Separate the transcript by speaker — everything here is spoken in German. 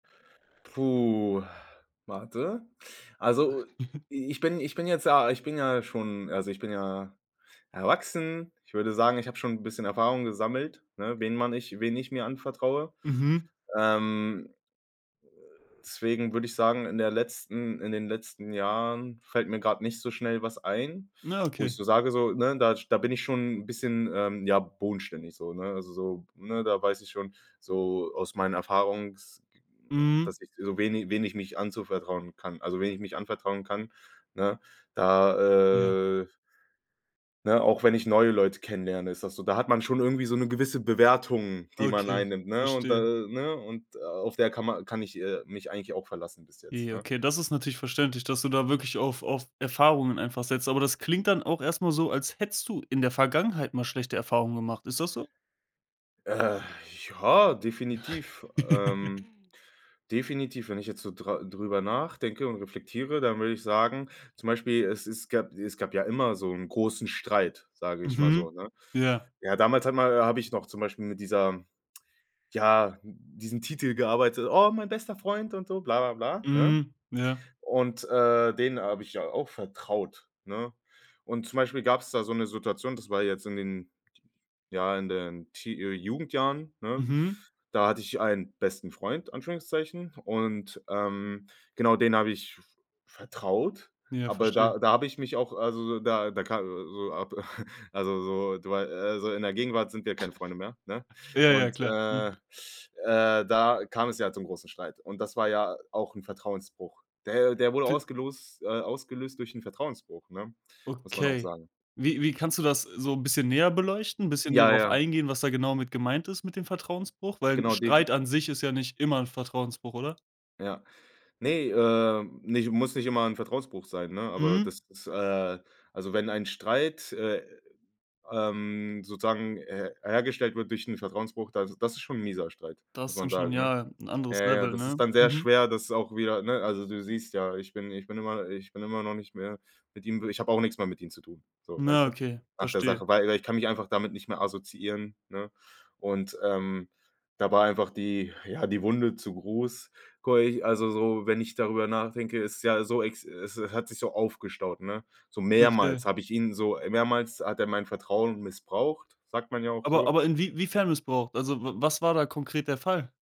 Speaker 1: Puh, warte. Also, i ich bin ich bin jetzt, ja ich bin ja schon also ich bin ja erwachsen. Ich würde sagen, ich habe schon 'n bisschen Erfahrung gesammelt, ne? Wen man nich wen ich mir anvertraue.
Speaker 2: Mhm.
Speaker 1: Ähm deswegen würde ich sagen, in der letzten in den letzten Jahren fällt mir gerade nicht so schnell was ein,
Speaker 2: Na,
Speaker 1: wo ich
Speaker 2: okay.
Speaker 1: so sage, so, ne? Da sch da bin ich schon bisschen, ähm, ja, bodenständig so, ne? Also so, ne, da weiß ich schon so aus meinen Erfahrungs
Speaker 2: Mhm.
Speaker 1: dass ich, so wen i wen ich mich anzuvertrauen kann, also wen ich mich anvertrauen kann, ne?
Speaker 2: Ja.
Speaker 1: Da, äh ne? Auch wenn ich neue Leute kennenlerne, ist das so, da hat man schon irgendwie so 'ne gewisse Bewertung, die man
Speaker 2: Okay.
Speaker 1: einnimmt, ne? Und da,
Speaker 2: Verstehe.
Speaker 1: ne und auf der kann ma kann ich, äh, mich eigentlich auch verlassen bis jetzt,
Speaker 2: Ja.
Speaker 1: ne?
Speaker 2: Okay, das ist natürlich verständlich, dass du da wirklich auf auf Erfahrungen einfach setzt. Aber das klingt dann auch erst mal so, als hättest du in der Vergangenheit mal schlechte Erfahrungen gemacht. Ist das so?
Speaker 1: Äh, ja, definitiv, ähm, definitiv. Wenn ich jetzt so dra drüber nachdenke und reflektiere, dann würde ich sagen, zum Beispiel, es es gab es gab ja immer so 'n großen Streit, sage ich mal so,
Speaker 2: Mhm.
Speaker 1: ne?
Speaker 2: Ja.
Speaker 1: Ja, damals hat ma habe ich noch zum Beispiel mit dieser ja, diesem Titel gearbeitet, „oh, mein bester Freund“ und so, bla, bla, bla, ne?
Speaker 2: Mhm. Ja.
Speaker 1: Und, äh, den habe ich ja auch vertraut, ne? Und zum Beispiel gab es da so 'ne Situation, das war jetzt in den, ja, in den Tee äh, Jugendjahren, ne?
Speaker 2: Mhm.
Speaker 1: Da hatte ich einen besten Freund, Anführungszeichen. Und, ähm, genau, den habe ich vertraut,
Speaker 2: Ja,
Speaker 1: aber
Speaker 2: verstehe.
Speaker 1: da da habe ich mich auch also da da ka so ab also so, weil also, in der Gegenwart sind wir keine Freunde mehr, ne?
Speaker 2: Ja, ja,
Speaker 1: Und,
Speaker 2: klar.
Speaker 1: äh,
Speaker 2: Mhm.
Speaker 1: äh, da kam es ja zum großen Streit. Und das war ja auch 'n Vertrauensbruch. Der der wurde
Speaker 2: Fi
Speaker 1: ausgelost äh, ausgelöst durch 'n Vertrauensbruch, ne, muss man auch
Speaker 2: Okay.
Speaker 1: sagen.
Speaker 2: Wie wie kannst du das so 'n bisschen näher beleuchten, bisschen näher
Speaker 1: Ja,
Speaker 2: drauf
Speaker 1: ja.
Speaker 2: eingehen, was da genau mit gemeint ist, mit dem Vertrauensbruch? Weil
Speaker 1: Genau, defin
Speaker 2: Streit an sich ist ja nicht immer 'n Vertrauensbruch, oder?
Speaker 1: Ja. Ne, äh, nich muss nicht immer 'n Vertrauensbruch sein, ne? Aber das
Speaker 2: Mhm.
Speaker 1: ist, äh also wenn ein Streit, äh, ähm, sozusagen her hergestellt wird durch 'n Vertrauensbruch, das das ist schon 'n mieser Streit,
Speaker 2: Das
Speaker 1: muss
Speaker 2: ist dann
Speaker 1: man
Speaker 2: schon,
Speaker 1: sagen, ne?
Speaker 2: ja, 'N
Speaker 1: Ja,
Speaker 2: anderes
Speaker 1: ja,
Speaker 2: Level,
Speaker 1: das
Speaker 2: ne?
Speaker 1: ist dann sehr
Speaker 2: Mhm.
Speaker 1: schwer, das auch wieder, ne also du siehst ja, ich bin ich bin immer ich bin immer noch nicht mehr mit ihm ich habe auch nix mehr mit ihm zu tun, so,
Speaker 2: Na,
Speaker 1: weißt du?
Speaker 2: okay,
Speaker 1: Nach der
Speaker 2: verstehe.
Speaker 1: Sache, weil i ich kann mich einfach damit nicht mehr assoziieren, ne? Und, ähm, da war einfach die, ja, die Wunde zu groß, ko ich also so, wenn ich darüber nachdenke, es ist ja so, es, äh, hat sich so aufgestaut, ne? So
Speaker 2: Okay.
Speaker 1: mehrmals habe ich ihn so äh, mehrmals hat er mein Vertrauen missbraucht, sagt man ja auch
Speaker 2: Aber
Speaker 1: so.
Speaker 2: aber inwie wiefern missbraucht? Also, w was war da konkret der Fall?